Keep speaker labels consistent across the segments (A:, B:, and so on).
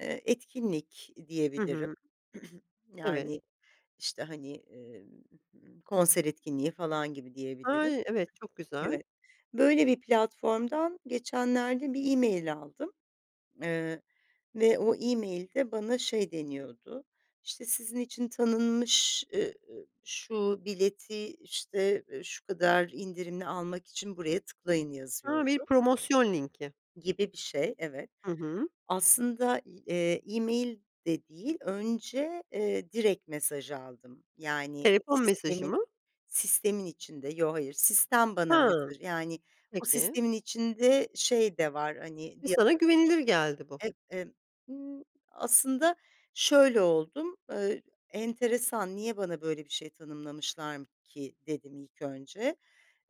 A: Eee, etkinlik
B: Hı
A: diyebilirim.
B: hı. Evet.
A: Yani, işte, hani, ımm, konser etkinliği falan gibi diyebilirim.
B: Ay! Evet, çok güzel.
A: [unintelligible] böyle bir platformdan geçenlerde bir email aldım. Eee, ve o email de bana şey deniyordu "işte sizin için tanınmış, ııı, şu bileti işte şu kadar indirimli almak için buraya tıklayın"
B: A! Bir
A: yazıyordu.
B: promosyon linki.
A: Gibi bir şey evet.
B: Hı hı.
A: Aslında, eee, email de değil önce, eee, direkt mesaj aldım yani
B: Telefon mesajı
A: sistemin,
B: mı?
A: sistemin içinde, yo, hayır sistem bana
B: Hımm,
A: mesaj yani o
B: peki.
A: sistemin içinde şey de var hani
B: Ve
A: di
B: sana güvenilir geldi bu.
A: Eee, emm, ııı, aslında şöyle oldum, ııı, enteresan "niye bana böyle bir şey tanımlamışlar ki" dedim ilk önce.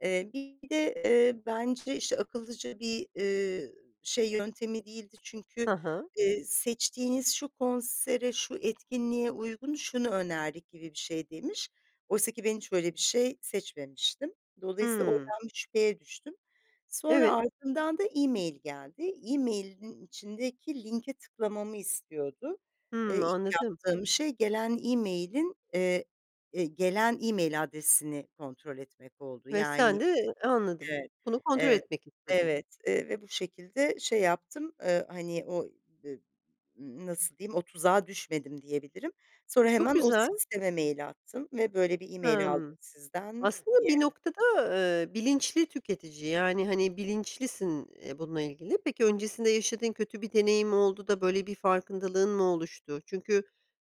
A: Eee, bir de, eee, bence işte akıllıca bir, ııı, şey yöntemi değildi. Çünkü,
B: Hı hı.
A: ııı, seçtiğiniz şu konsere, şu etkinliğe uygun, şunu önerdik gibi bir şey demiş. Oysa ki ben hiç öyle bir şey seçmemiştim. Dolayısıyla
B: Hıı.
A: oradan bir şüpheye düştüm. Sonra
B: Evet.
A: ardından da email geldi. Emailin içindeki linke tıklamamı istiyordu. Iıı,
B: Hımm,
A: ilk
B: anladım.
A: yaptığım şey gelen emailin, eee, ııı, gelen email adresini kontrol etmek oldu.
B: Ve sen
A: Yani,
B: de anladım.
A: evet,
B: Bunu kontrol
A: evet,
B: etmek istedin.
A: evet, eee, ve bu şekilde şey yaptım, ııı, hani o d nasıl diyeyim, o tuzağa düşmedim diyebilirim. Sonra
B: Çok
A: hemen o
B: güzel.
A: sisteme mail attım ve "böyle bir email aldım"
B: Hımm.
A: sizden
B: Aslında
A: diye.
B: bir noktada, eee, bilinçli tüketici, yani, hani, bilinçlisin, eee, bununla ilgili. Peki, öncesinde yaşadığın kötü bir deneyim oldu da böyle bir farkındalığın mı oluştu? Çünkü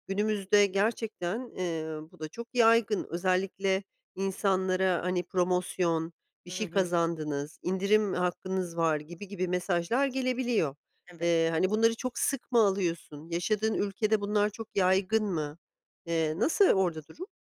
B: günümüzde gerçekten ııı bu da çok yaygın özellikle insanlara hani promosyon, bir
A: Hı
B: şey
A: hı.
B: kazandınız, indirim hakkınız var gibi gibi mesajlar gelebiliyor.
A: Evet.
B: Eee, hani, bunları çok sık mı alıyorsun, yaşadığın ülkede bunlar çok yaygın mı? Eee, nasıl orada durum?